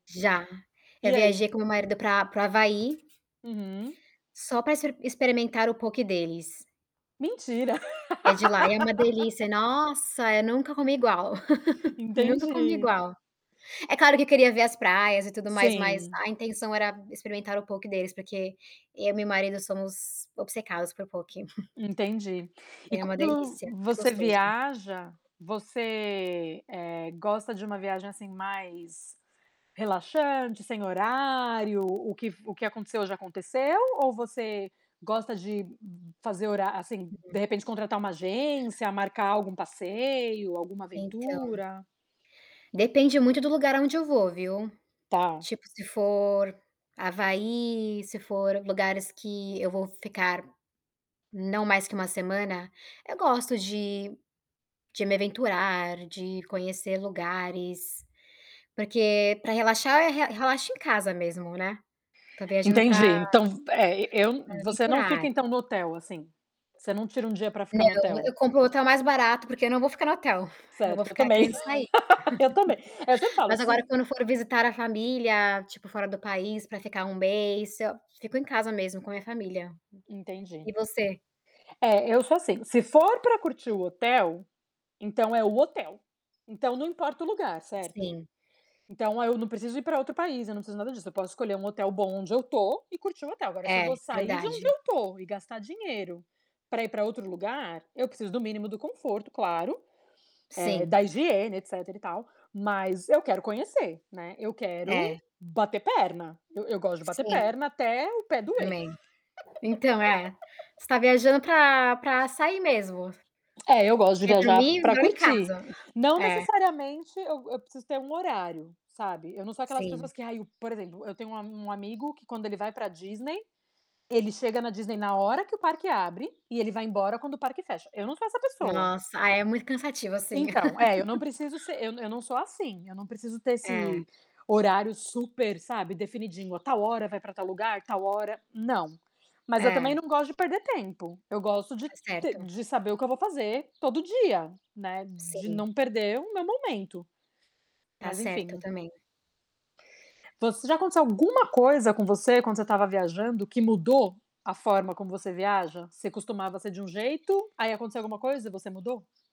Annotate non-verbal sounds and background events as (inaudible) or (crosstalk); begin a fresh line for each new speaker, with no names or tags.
Já. Eu
E aí?
viajei com meu marido pra para o Havaí
Uhum.
só pra expe experimentar o Poke deles.
Mentira.
Que é de lá, e é uma delícia
(laughs)
nossa, eu nunca comi igual.
(chuckles)
(laughs) Nunca comi
Entendi.
igual, é claro que eu queria ver as praias e tudo mais, mas
Sim.
a intenção era experimentar o Poke deles, porque eu e meu marido somos obcecados por Poke. (chuckles)
Entendi. E
É uma
quando
delícia, muito
você
gostoso.
viaja, você, eh, gosta de uma viagem, assim, mais relaxante, sem horário, o que o que aconteceu ja aconteceu, ou você gosta de fazer horá assim, de
Uhum.
repente contratar uma agência, marcar algum passeio, alguma
Então
aventura?
depende muito do lugar aonde eu vou, viu?
Tá.
Tipo, se for Havaí, se for lugares que eu vou ficar, não mais que 1 semana, eu gosto de de me aventurar, de conhecer lugares, porque pra relaxar eu re relaxo em casa mesmo, né. Tô viajando
Entendi.
pra
Então, eh, eu
pra
você não fica,
aventurar.
então, no hotel, assim, você não tira um dia pra ficar no
Não,
hotel?
eu compro o hotel mais barato, porque eu não vou ficar no hotel, eu vou
Certo, eu
ficar
também.
querendo sair.
(laughs) Eu também, eu sempre
(laughs)
falo,
Mas
se
agora quando for visitar a família, tipo, fora do país pra ficar 1 mês, fico em casa mesmo com a minha família.
Entendi.
E você?
É, eu sou, assim, se for pra curtir o hotel, então, é o hotel, então, não importa o lugar, certo?
Sim.
Então, eu não preciso ir pra outro país, eu não preciso de nada disso, eu posso escolher um hotel bom onde eu tô e curtir o hotel. Agora, se eu
É,
vou sair de onde
verdade.
eu tô, e gastar dinheiro pra ir pra outro lugar, eu preciso do mínimo do conforto, claro, eh,
Sim.
da higiene, etc. e tal, mas eu quero conhecer, né. Eu quero
É.
bater perna, eu eu gosto de bater
Sim
perna até o pé doer.
também. Então, é,
(laughs)
você tá viajando pra pra sair mesmo.
É, eu gosto de
Quer
viajar
dormir,
pra
dorme em
curtir.
casa (chuckles)
Não
é.
necessariamente eu eu preciso ter um horário, sabe, eu não sou aquelas pessoas
Sim.
que: "Ai" o por exemplo, eu tenho um a um amigo que quando ele vai pra Disney, ele chega na Disney na hora que o parque abre e ele vai embora quando o parque fecha, eu não sou essa pessoa.
Nossa, aí é muito cansativo, assim.
Então, eh, eu não
(laughs)
preciso ser eu eu não sou, assim, eu não preciso ter
É.
esse horário super, sabe, definidinho, a tal hora vai pra tal lugar, tal hora, não. Mas eu também,
É.
não gosto de perder tempo, eu gosto de
Tá
te
certo.
de saber o que eu vou fazer todo dia, né, de
Sim.
não perder o meu momento,
Tá
mas
certo
enfim.
também.
Você já aconteceu alguma coisa com você, quando você tava viajando que mudou a forma como você viaja? Você costumava ser de um jeito, aí aconteceu alguma coisa e você mudou?